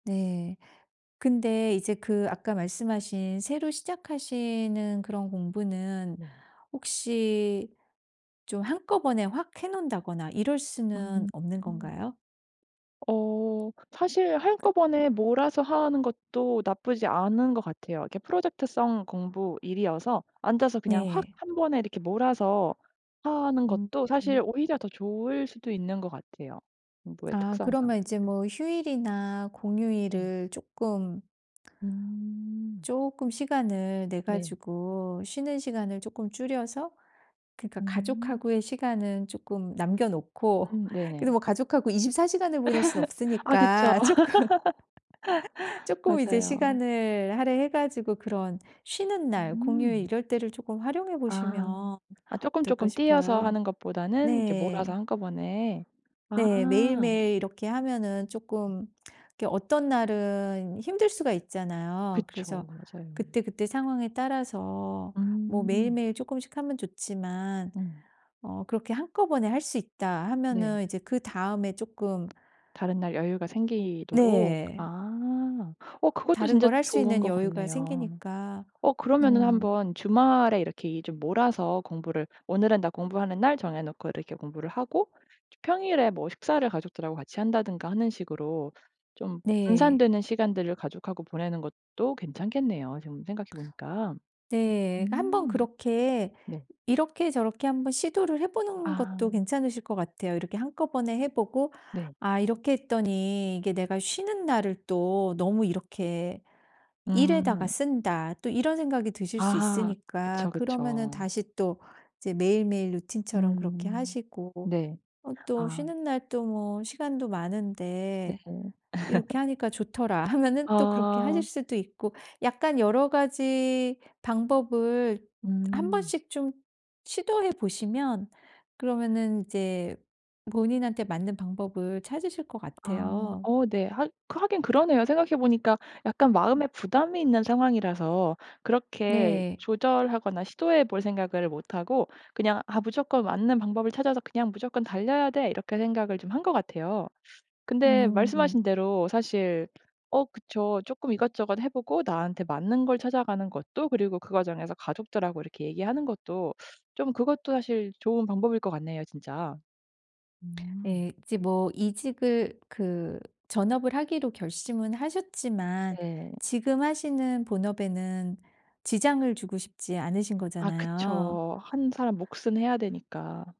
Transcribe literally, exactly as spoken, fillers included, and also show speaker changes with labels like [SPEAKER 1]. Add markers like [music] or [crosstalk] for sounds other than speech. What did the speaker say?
[SPEAKER 1] 네. 근데 이제 그 아까 말씀하신 새로 시작하시는 그런 공부는
[SPEAKER 2] 네.
[SPEAKER 1] 혹시 좀 한꺼번에 확 해 놓는다거나 이럴 수는
[SPEAKER 2] 음
[SPEAKER 1] 없는
[SPEAKER 2] 흠.
[SPEAKER 1] 건가요?
[SPEAKER 2] 어 사실
[SPEAKER 1] 그
[SPEAKER 2] 한꺼번에 몰아서 하는 것도 나쁘지 않은 것 같아요. 이렇게 프로젝트 성 공부, 일이어서 앉아서 그냥 확
[SPEAKER 1] 네.
[SPEAKER 2] 한 번에 몰아서 하는
[SPEAKER 1] 음
[SPEAKER 2] 것도 사실
[SPEAKER 1] 음.
[SPEAKER 2] 오히려 더 좋을 수도 있는 것 같아요 공부의
[SPEAKER 1] 아
[SPEAKER 2] 특성상.
[SPEAKER 1] 그러면 이제 뭐 휴일이나
[SPEAKER 2] 예.
[SPEAKER 1] 공휴일을 쪼끔
[SPEAKER 2] 음.
[SPEAKER 1] 쪼끔 시간을 내
[SPEAKER 2] 네.
[SPEAKER 1] 가지고 쉬는 시간을 쪼끔 줄여서 그러니까
[SPEAKER 2] 음.
[SPEAKER 1] 가족하고의 시간은 쪼끔 남겨 놓고
[SPEAKER 2] 음
[SPEAKER 1] 근데
[SPEAKER 2] 네네.
[SPEAKER 1] 뭐 가족하고 이십사 시간을 보낼 순
[SPEAKER 2] [laughs] 아 그쵸.
[SPEAKER 1] 없으니까 쪼끔 [laughs]
[SPEAKER 2] [laughs]
[SPEAKER 1] 쪼끔 이제
[SPEAKER 2] 맞아요.
[SPEAKER 1] 시간을 할애해 가지고 그런 쉬는 날, 공휴일
[SPEAKER 2] 음.
[SPEAKER 1] 이럴 때를 쪼끔 활용해
[SPEAKER 2] 아.
[SPEAKER 1] 보시면
[SPEAKER 2] 아
[SPEAKER 1] 어떨까
[SPEAKER 2] 쪼끔쪼끔 띄어서
[SPEAKER 1] 싶어요.
[SPEAKER 2] 하는 것보다는 이렇게 몰아서
[SPEAKER 1] 네.
[SPEAKER 2] 한꺼번에. 아.
[SPEAKER 1] 네. 매일매일 이렇게 하면은 쪼끔 이렇게 어떤 날은 힘들 수가 있잖아요. 그래서
[SPEAKER 2] 그쵸. 맞아요.
[SPEAKER 1] 그때그때 상황에 따라서 뭐
[SPEAKER 2] 음.
[SPEAKER 1] 매일매일 쪼끔씩 하면 좋지만
[SPEAKER 2] 음.
[SPEAKER 1] 어 그렇게 한꺼번에 할 수 있다
[SPEAKER 2] 네.
[SPEAKER 1] 하면은 이제 그다음에 쪼끔
[SPEAKER 2] 다른 날 여유가 생기도록.
[SPEAKER 1] 네.
[SPEAKER 2] 아 어 그것도
[SPEAKER 1] 다른
[SPEAKER 2] 진짜
[SPEAKER 1] 걸 할 수
[SPEAKER 2] 좋은
[SPEAKER 1] 있는
[SPEAKER 2] 것
[SPEAKER 1] 여유가
[SPEAKER 2] 같네요.
[SPEAKER 1] 생기니까.
[SPEAKER 2] 어 그러면은
[SPEAKER 1] 음.
[SPEAKER 2] 한번 주말에 이렇게 이 좀 몰아서 공부를 오늘은 나 공부하는 날 정해 놓고 이렇게 공부를 하고 저 평일에 뭐 식사를 가족들하고 같이 한다든가 하는 식으로 좀
[SPEAKER 1] 네.
[SPEAKER 2] 분산되는 시간들을 가족하고 보내는 것도 괜찮겠네요 지금 생각해 보니까.
[SPEAKER 1] 네. 한번
[SPEAKER 2] 음.
[SPEAKER 1] 그렇게
[SPEAKER 2] 네.
[SPEAKER 1] 이렇게 저렇게 한번 시도를 해 보는 것도
[SPEAKER 2] 아.
[SPEAKER 1] 괜찮으실 것 같아요. 이렇게 한꺼번에 해 보고
[SPEAKER 2] 네.
[SPEAKER 1] '아 이렇게 했더니 이게 내가 쉬는 날을 또 너무 이렇게 일에다가
[SPEAKER 2] 음.
[SPEAKER 1] 쓴다.' 또 이런 생각이 드실 수
[SPEAKER 2] 아
[SPEAKER 1] 있으니까
[SPEAKER 2] 그쵸
[SPEAKER 1] 그러면은
[SPEAKER 2] 그쵸.
[SPEAKER 1] 다시 또 이제 매일매일 루틴처럼 그렇게
[SPEAKER 2] 음.
[SPEAKER 1] 하시고
[SPEAKER 2] 네.
[SPEAKER 1] 어 또
[SPEAKER 2] 아.
[SPEAKER 1] 쉬는 날 또 뭐 '시간도
[SPEAKER 2] 네.
[SPEAKER 1] 많은데
[SPEAKER 2] [laughs]
[SPEAKER 1] 이렇게 하니까 좋더라.' 하면은 또 그렇게 하실
[SPEAKER 2] 아.
[SPEAKER 1] 수도 있고 약간 여러 가지 방법을
[SPEAKER 2] 음.
[SPEAKER 1] 한번씩 좀 시도해 보시면 그러면은 이제 본인한테 맞는 방법을 찾으실 것
[SPEAKER 2] 아.
[SPEAKER 1] 같아요.
[SPEAKER 2] 어 네. 학 하긴 그러네요. 생각해 보니까 약간
[SPEAKER 1] 음.
[SPEAKER 2] 마음에 부담이 있는 상황이라서 그렇게
[SPEAKER 1] 네.
[SPEAKER 2] 조절하거나 시도해 볼 생각을 못 하고 그냥 '아 무조건 맞는 방법을 찾아서 그냥 무조건 달려야 돼.' 이렇게 생각을 좀 한 것 같아요. 근데
[SPEAKER 1] 음.
[SPEAKER 2] 말씀하신 대로 사실 어 그쵸 쪼끔 이것저것 해 보고 나한테 맞는 걸 찾아가는 것도 그리고 그 과정에서 가족들하고 이렇게 얘기하는 것도 좀 그것도 사실 좋은 방법일 것 같네요 진짜. 음.
[SPEAKER 1] 예. 이제 뭐 이직을 그 전업을 하기로 결심은 하셨지만
[SPEAKER 2] 네.
[SPEAKER 1] 지금 하시는 본업에는 지장을 주고 싶지 않으신
[SPEAKER 2] 아
[SPEAKER 1] 거잖아요.
[SPEAKER 2] 그쵸. 한 사람 몫은 해야 되니까.